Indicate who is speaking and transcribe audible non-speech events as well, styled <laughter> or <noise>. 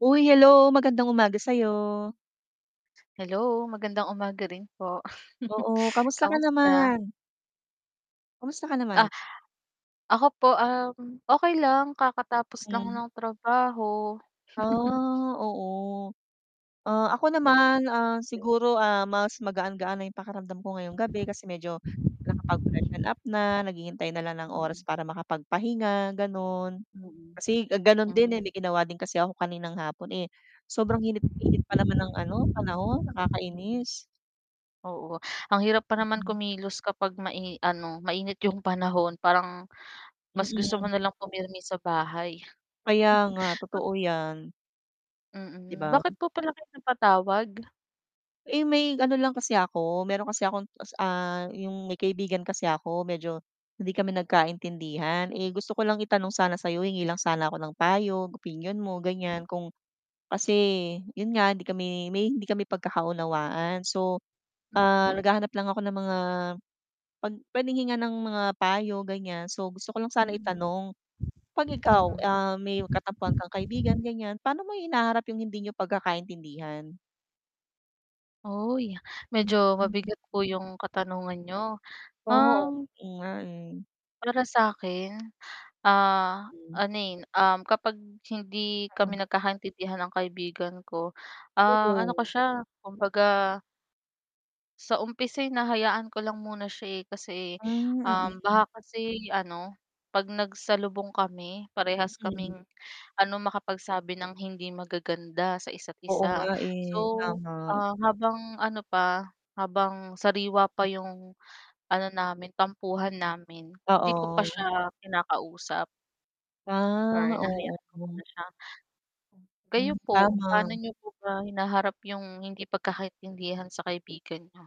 Speaker 1: Hoy hello, magandang umaga sa'yo.
Speaker 2: Hello magandang umaga rin po, <chuckles>
Speaker 1: Oo, kumusta ka
Speaker 2: kamusta?
Speaker 1: naman? Kumusta ka naman?
Speaker 2: Ah ako po, um, okey lang kakatapos lang
Speaker 1: Hmm.
Speaker 2: ng trabaho. <chuckles>
Speaker 1: Ah, oo, ah, ako
Speaker 2: Hmm.
Speaker 1: naman
Speaker 2: Be
Speaker 1: siguro, ah, mas magaan-gaan na yung pakiramdam ko ngayong gabi kasi medyo nakapag-freshen up na, naghihintay na lang ng oras
Speaker 2: Mm.
Speaker 1: para makapagpahinga ganoon.
Speaker 2: Mm,
Speaker 1: Kasi gano'n din, eh,
Speaker 2: hmm.
Speaker 1: may ginawa din kasi ako kaninang hapon, eh, sobrang init-init pa naman ng, ano, panahon
Speaker 2: Mm.
Speaker 1: nakakainis.
Speaker 2: Oo, ang hirap pa naman
Speaker 1: Mm.
Speaker 2: kumilos kapag mai ano mainit yung panahon parang mas gusto
Speaker 1: Mm.
Speaker 2: mo nalang pumirmi sa bahay. <chuckles>
Speaker 1: Kaya nga,
Speaker 2: Ah
Speaker 1: totoo yan. 'Di
Speaker 2: Mm,
Speaker 1: ba?
Speaker 2: bakit po pala kayo napatawag?
Speaker 1: Eh, may ano lang kasi ako meron kasi akong ta's, ah, yung may kaibigan kasi ako medyo hindi kami nagkaintindihan, gusto ko lang itanong sana sa'yo hingi lang sana ako ng payo opinyon mo
Speaker 2: Hmm.
Speaker 1: ganiyan kung kasi yun nga hindi kami may hindi kami pagkakaunawaan. So,
Speaker 2: Mm.
Speaker 1: ah, naghahanap lang ako ng mga pag puwedeng hingan ng mga payo ganiyan, so gusto ko lang sana
Speaker 2: Mm.
Speaker 1: itanong, 'pag ikaw,
Speaker 2: Mm.
Speaker 1: ah, may katampuhan kang kaibigan ganiyan, paano mo hinaharap yung hindi niyo pagkakaintindihan?
Speaker 2: Oy,
Speaker 1: Hmm,
Speaker 2: medyo
Speaker 1: hmm.
Speaker 2: mabigat po yung katanungan niyo.
Speaker 1: Oo,
Speaker 2: Um
Speaker 1: oo nga, eh.
Speaker 2: para sakin, ah,
Speaker 1: Hmm.
Speaker 2: ano, eh, um, kapag hindi
Speaker 1: Mm.
Speaker 2: kami nagkakaintindihan ng kaibigan ko, ah, ano ko
Speaker 1: Oo.
Speaker 2: siya kumbaga sa umpisa ay hinahayaan ko lang muna siya, eh,
Speaker 1: Hmm,
Speaker 2: um, kasi baka
Speaker 1: mm.
Speaker 2: kasi, ano, 'pag nagsalubong kami parehas
Speaker 1: Mm.
Speaker 2: kaming, ano, makapagsabi ng hindi magaganda sa
Speaker 1: Oo nga,
Speaker 2: isa't-isa.
Speaker 1: eh,
Speaker 2: So,
Speaker 1: tama.
Speaker 2: ah, habang ano pa, habang sariwa pa yung ano namin tampuhan namin, hindi ko pa
Speaker 1: Oo.
Speaker 2: siya kinakausap.
Speaker 1: Ah,
Speaker 2: Or
Speaker 1: oo.
Speaker 2: hinahayaan ko muna siya.
Speaker 1: Hmm,
Speaker 2: Kayo po, paano
Speaker 1: tama.
Speaker 2: niyo po ba hinaharap yung hindi pagkakaintindihan sa kaibigan niyo?